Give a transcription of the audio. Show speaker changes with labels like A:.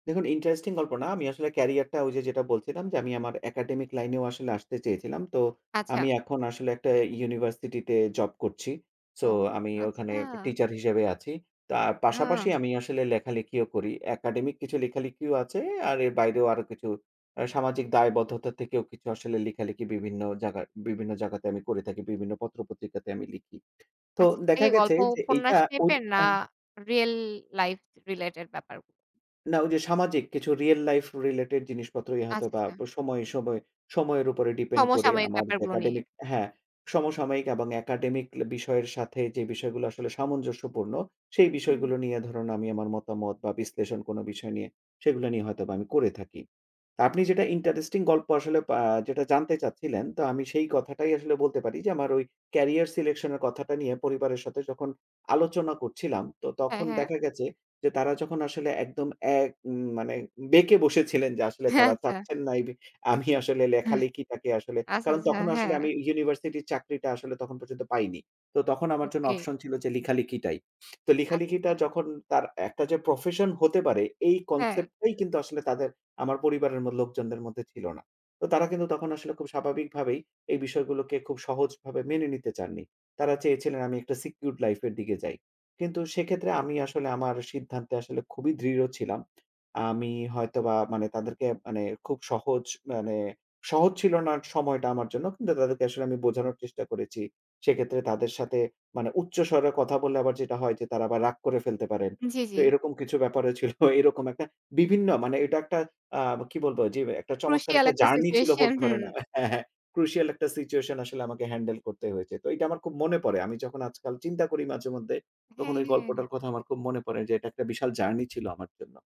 A: দেখুন ইন্টারেস্টিং গল্প না আমি আসলে ক্যারিয়ারটা ঐযে যেটা বলছিলাম যে আমি আমার একাডেমিক লাইনেও আসলে আসতে চেয়েছিলাম। তো
B: আচ্ছা।
A: আমি এখন আসলে একটা ইউনিভার্সিটিতে জব করছি। সো
B: ও
A: আমি ওখানে
B: আচ্ছা।
A: একটা টিচার হিসেবে আছি। তার পাশাপাশি
B: হ
A: আমি আসলে লেখালেখিও করি। একাডেমিক কিছু লেখালেখিও আছে আর এর বাইরেও আরো কিছু আ সামাজিক দায়বদ্ধতা থেকেও কিছু আসলে লেখালেখি বিভিন্ন জায়গা বিভিন্ন জায়গাতে আমি করে থাকি বিভিন্ন পত্র পত্রিকাতে আমি লিখি। তো
B: আচ্ছা, সেটা
A: দেখা
B: কি
A: গেছে
B: গল্প
A: যে এইটা
B: উপন্যাস
A: ঐ
B: টাইপের না
A: আ
B: রিয়াল লাইফ রিলেটেড ব্যাপার?
A: না ঐযে সামাজিক কিছু রিয়াল লাইফ রিলেটেড জিনিসপত্রই
B: আচ্ছা,
A: হয়তোবা প
B: আচ্ছা।
A: সময় সময় সময়ের উপরে ডিপেন্ড করে
B: সমসাময়িক
A: আমার
B: ব্যাপারগুলো নিয়ে।
A: একাডেমিক হ্যাঁ, সমসাময়িক এবং একাডেমিক ল বিষয়ের সাথে যে বিষয়গুলো আসলে সামঞ্জস্যপূর্ণ সেই
B: হু, হুম।
A: বিষয়গুলো নিয়ে ধরুন আমি আমার মতামত বা বিশ্লেষণ কোনো বিষয় নিয়ে সেগুলো নিয়ে হয়তোবা আমি করে থাকি। আপনি যেটা ইন্টারেস্টিং গল্প আসলে আ যেটা জানতে চাচ্ছিলেন তো আমি সেই কথাটাই আসলে বলতে পারি যে আমার ঐ ক্যারিয়ার সিলেকশন এর কথাটা নিয়ে পরিবারের সাথে যখন আলোচনা করছিলাম তো
B: হ্যাঁ,
A: তখন
B: হ্যাঁ।
A: দেখা গেছে যে তারা যখন আসলে একদম এক মানে বেঁকে বসেছিলেন যে আসলে
B: হ্যাঁ,
A: তারা
B: আচ্ছা।
A: চাচ্ছেন না এবি আমি আসলে লেখালেখিটাকে আসলে
B: আচ্ছা,
A: কারণ
B: আচ্ছা,
A: তখনও আসলে
B: হ্যাঁ।
A: আমি ইউনিভার্সিটির চাকরিটা আসলে তখন পর্যন্ত পাইনি। তো তখন আমার জন্য
B: ওকে।
A: অপশন ছিল যে লেখালিখিটাই। তো
B: আচ্ছা,
A: লেখালেখিটা
B: আচ্ছা।
A: যখন তার একটা যে প্রফেশন হতে পারে এই
B: হ্যাঁ।
A: কনসেপ্ট টাই কিন্তু আসলে তাদের আমার পরিবারের ম লোকজনদের মধ্যে ছিল না। তো তারা কিন্তু তখন আসলে খুব স্বাভাবিক ভাবেই এই বিষয়গুলোকে খুব সহজভাবে মেনে নিতে চাননি। তারা চেয়েছিলেন আমি একটা সিকিউরড লাইফ এর দিকে যাই। কিন্তু
B: [unintelligible]
A: সেক্ষেত্রে আমি আসলে আমার সিদ্ধান্তে আসলে খুবই দৃঢ় ছিলাম। আমি হয়তোবা মানে তাদেরকে মানে খুব সহজ মানে সহজ ছিল না সময়টা কিন্তু তাদেরকে আসলে আমি বোঝানোর চেষ্টা করেছি। সেক্ষেত্রে তাদের সাথে মানে উচ্চ স্বরে কথা বললে আবার যেটা হয় যে তারা আবার রাগ করে ফেলতে পারেন।
B: জি, জি।
A: তো এরকম কিছু ব্যাপারও ছিল। এরকম একটা বিভিন্ন মানে এটা একটা আ কি বলবো যেম একটা চমৎকার
B: ক্রুশিয়াল
A: একটা
B: একটা
A: জার্নি ছিল
B: সিচুয়েশন,
A: বলতে
B: হু।
A: পারেন হ্যাঁ, হ্যাঁ ক্রুশিয়াল একটা সিচুয়েশন আসলে আমাকে হ্যান্ডেল করতে হয়েছে। তো এইটা আমার খুব মনে পড়ে। আমি যখন আজকাল চিন্তা করি মাঝে মধ্যে তখন
B: হ্যাঁ,
A: ঐ
B: হ্যাঁ।
A: গল্পটার কথা আমার খুব মনে পড়ে যে এটা একটা বিশাল জার্নি ছিল আমার জন্য।